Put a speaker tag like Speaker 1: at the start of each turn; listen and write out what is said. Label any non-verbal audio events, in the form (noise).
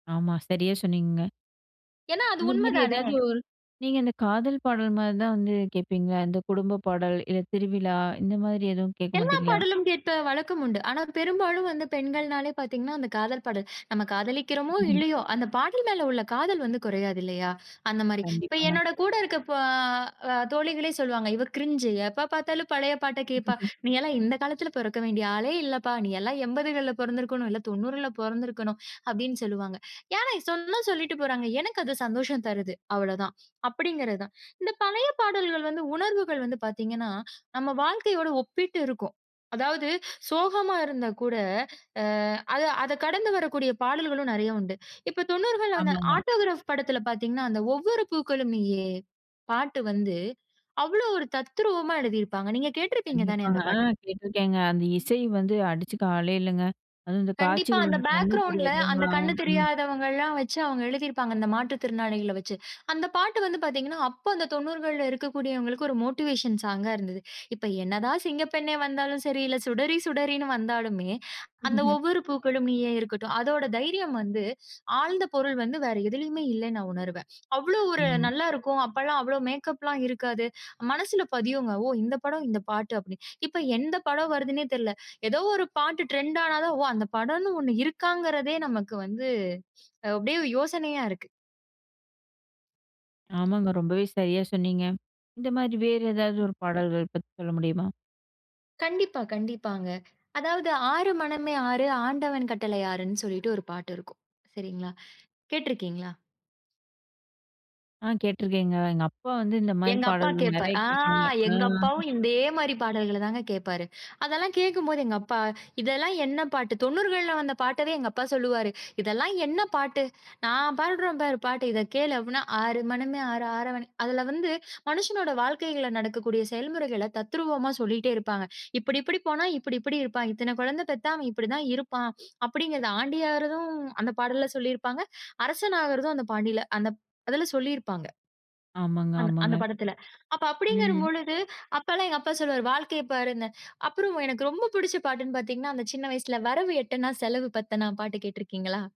Speaker 1: ஆமா, சரியா சொன்னீங்கங்க.
Speaker 2: ஏன்னா அது
Speaker 1: இந்த மாரி
Speaker 2: உண்மதானே!
Speaker 1: ஏதாவது ஒரு நீங்க அந்தக் காதல் பாடல் மாரிதான் வந்து கேட்பீங்க, அந்தக் குடும்ப பாடல், இல்ல திருவிழா இந்த மாதிரி எதுவும் கேட்க
Speaker 2: எல்லா
Speaker 1: மாட்டீங்களா?
Speaker 2: பாடலும் கேட்ட வழக்கம் உண்டு. ஆனா பெரும்பாலும் வந்து பெண்கள்னாலே பாத்தீங்கன்னா, அந்தக் காதல் பாடல். நம்ம காதலிக்கிறோமோ,
Speaker 1: (laughs)
Speaker 2: இல்லையோ. அந்தப் பாடல் மேல உள்ள காதல் வந்து குறையாதில்லையா, அந்த மாரி. இப்ப
Speaker 1: கண்டிப்பாங்க.
Speaker 2: என்னோட கூட இருக்க ப அ தோழிகளே சொல்லுவாங்க, "இவ க்ரிஞ்சு. எப்ப பார்த்தாலும் பழைய பாட்ட கேட்பா.
Speaker 1: (laughs)
Speaker 2: நீயெல்லாம் இந்தக் காலத்துல பொறக்க வேண்டிய ஆளே இல்லப்பா. நீ எல்லாம் எம்பதுகள்ல பொறந்திருக்கணும். இல்ல 90ல பொறந்திருக்கணும்." அப்படீன்னு சொல்லுவாங்க. யாருனாய் சொன்னா சொல்லிட்டு போறாங்க. எனக்கு அது சந்தோஷம் தருது, அவ்வளோதான். அப்படீங்கிறதுதான். இந்தப் பழய பாடல்கள் வந்து உணர்வுகள் வந்து பாத்தீங்கன்னா, நம்ம வாழ்க்கயோடு ஒப்பிட்டு இருக்கும். அதாவது சோகமா இருந்தா கூட அ அத அதக் கடந்து வரக்கூடிய பாடல்களும் நெறைய உண்டு. இப்ப 90கள்ல வந்த
Speaker 1: ஆமாங்க.
Speaker 2: 'ஆட்டோகிராப்' படத்துல பாத்தீங்கன்னா, அந்த "ஒவ்வொரு பூக்களும் நீயே" பாட்டு வந்து அவ்வளோ ஒரு தத்ரூவமா எழுதி இருப்பாங்க. நீங்கக் கேட்டுருப்பீங்க தானே
Speaker 1: கண்டிப்பாங்க.
Speaker 2: அந்தப்
Speaker 1: ஆ
Speaker 2: பாட்டு.
Speaker 1: கேட்டுருக்கேங்க. அந்த இசை வந்து அடிச்சுக்க ஆளே இல்லங்க. அதுவும் அந்தக்
Speaker 2: கண்டிப்பா.
Speaker 1: காட்சிகள் வந்து
Speaker 2: அந்தப்
Speaker 1: கண்ணு
Speaker 2: பேக்கிரவுண்ட்ல அந்தக்
Speaker 1: தெரியாதவங்கல்லாம்
Speaker 2: கண்ணு
Speaker 1: ம்.
Speaker 2: தெரியாதவங்கல்லாம் வச்சு அவங்க எழுதி இருப்பாங்க அந்த மாற்றுத் திறனாளிகள வச்சு. அந்தப் பாட்டு வந்து பாத்தீங்கன்னா, அப்ப அந்தத் 90கள்ல இருக்கக்கூடியவங்களுக்கு ஒரு மோட்டிவேஷன் சாங்கா இருந்தது. இப்ப என்னதான் சிங்கப்பெண்ணே வந்தாலும் சரி, இல்ல சுடரி சுடரின்னு வந்தாலுமே, அந்த
Speaker 1: (laughs)
Speaker 2: 'ஒவ்வொரு பூக்களும் நீயே' இருக்கட்டும். அதோட தைரியம் வந்து, ஆழ்ந்த பொருள் வந்து வேற எதுலயுமே இல்லன்னு நா உணருவேன். அவ்வளவு ஒரு
Speaker 1: ஆமா.
Speaker 2: நல்லா இருக்கும். அப்பல்லாம் அவ்வளவு மேக்கப்லாம் இருக்காது. மனசுல பதியுங்க. "ஓ! இந்தப் படம், இந்தப் பாட்டு." அப்படீன்னு. இப்ப எந்தப் படம் வருதுன்னே தெர்ல. எதோ ஒரு பாட்டு டிரெண்ட் ஆனாதான், ஒ! அந்தப் படம்ன்னு ஒண்ணு இருக்காங்கறதே நமக்கு வந்து, அப்படியே யோசனையா இருக்கு.
Speaker 1: ஆமாங்க. ரொம்பவே சரியா சொன்னீங்க. இந்த மாரி வேறு ஏதாவது
Speaker 2: ம்.
Speaker 1: ஒரு பாடல்கள் பத்தி சொல்ல முடியுமா?
Speaker 2: கண்டிப்பா, கண்டிப்பாங்க. அதாவது, ஆறு மனமே ஆறு. ஆண்டவன் கட்டளை ஆறுன்னு, சொல்லிட்டு 1 பாட்டு இருக்கும். சரிங்களா? கேட்ருக்கீங்களா?
Speaker 1: ஆ கேட்டுருக்கேங்க. எங்க அப்பா வந்து இந்த மாரி
Speaker 2: எங்க அப்பா
Speaker 1: பாடல்கள்
Speaker 2: கேப்பார்.
Speaker 1: நெறைய
Speaker 2: ஆ
Speaker 1: கேட்பாங்க. ஆ.
Speaker 2: எங்க அப்பாவும் இதே மாரி பாடல்கள தாங்க கேட்பாரு. அதெல்லாம் கேட்கும்போது எங்க அப்பா, "இதெல்லாம் என்ன பாட்டு?" 90கள்ல வந்த பாட்டவே எங்க அப்பா சொல்லுவாரு, "இதெல்லாம் என்ன பாட்டு? நா பாடுறேன் பாரு பாட்டு. இத கேளு." அப்படீன்னா. "ஆறு மனமே ஆறு. ஆறவன்" அதுல வந்து மனுஷனோட வாழ்க்கைகள்ல நடக்கக்கூடிய செயல்முறைகளத் தத்ரூவமா சொல்லிட்டே இருப்பாங்க. "இப்படி இப்படி போனா, இப்படி இப்படி இருப்பான். இத்தன கொழந்த பெத்தா அவன் இப்படி தான் இருப்பான்." அப்படீங்கறது. ஆண்டி ஆறதும் அந்தப் பாடல்ல சொல்லி இருப்பாங்க. அரசன் ஆகுறதும் அந்தப் பாண்டில அந்தப் அதுல சொல்லியிருப்பாங்க.
Speaker 1: ஆமாங்க,
Speaker 2: அந்த
Speaker 1: ஆமாங்க.
Speaker 2: அந்தப் படத்துல. அப்ப அப்படீங்கிற
Speaker 1: ம்.
Speaker 2: பொழுது அப்பல்லாம் எங்க அப்பா சொல்லுவாரு, 'வாழ்க்கையப் பாரு இந்த' அப்புறம் எனக்கு ரொம்ப புடிச்ச பாட்டுன்னு பாத்தீங்கன்னா, அந்தச் சின்ன வயசுல "வரவு எட்டனா செலவு பத்தனா" பாட்டு கேட்டுருக்கீங்களா?